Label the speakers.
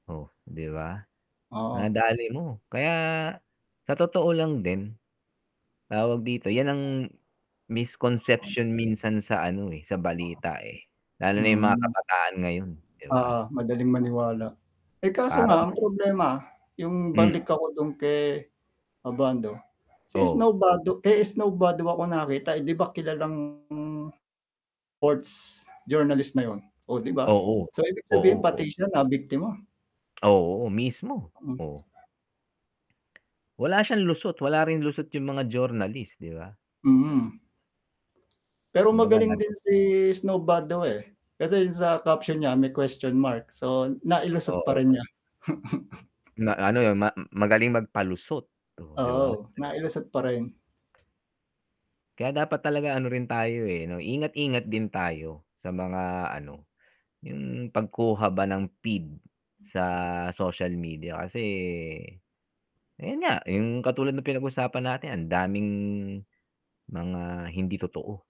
Speaker 1: Oh, 'di ba?
Speaker 2: Oo.
Speaker 1: Nadali mo, kaya sa totoo lang din, tawag dito, 'yan ang
Speaker 2: 'Yong account.
Speaker 1: misconception minsan sa ano, eh, sa balita, eh. Lalo na 'yong mga
Speaker 2: Mm.
Speaker 1: kabataan ngayon, 'di ba?
Speaker 2: Oo, madaling maniwala. Eh, kaso
Speaker 1: Para
Speaker 2: nga ang
Speaker 1: bang
Speaker 2: problema, 'yong
Speaker 1: Hmm.
Speaker 2: balik ako dun kay Abando, si Snow
Speaker 1: Oh.
Speaker 2: Badu kay Snow Badua ko nakita, eh, 'di ba kilalang ports journalist na 'yon, oh, 'di ba?
Speaker 1: Oo,
Speaker 2: So ibig
Speaker 1: oo,
Speaker 2: sabihin pati
Speaker 1: oh.
Speaker 2: siya nabiktima.
Speaker 1: Oo, mismo,
Speaker 2: Hmm.
Speaker 1: oh. Wala siyang lusot, wala rin lusot 'yon mga journalist, 'di ba? Hmm.
Speaker 2: Mhm. Pero
Speaker 1: Kung baga
Speaker 2: magaling
Speaker 1: nad
Speaker 2: din si Snow Badua, eh, kasi 'yon sa caption niya may question mark, so
Speaker 1: Uh,
Speaker 2: nailusot pa
Speaker 1: oo.
Speaker 2: rin niya.
Speaker 1: Na ano 'yon ma magaling magpalusot, oh, 'di ba?
Speaker 2: Oo, nailusot pa rin.
Speaker 1: Kaya dapat talaga ano rin tayo, eh, 'no ingat-ingat din tayo sa mga ano, 'yon pagkuha ba ng feed sa social media kasi, ayun nga, 'yong katulad ng pinag-usapan natin ang daming mga hindi totoo.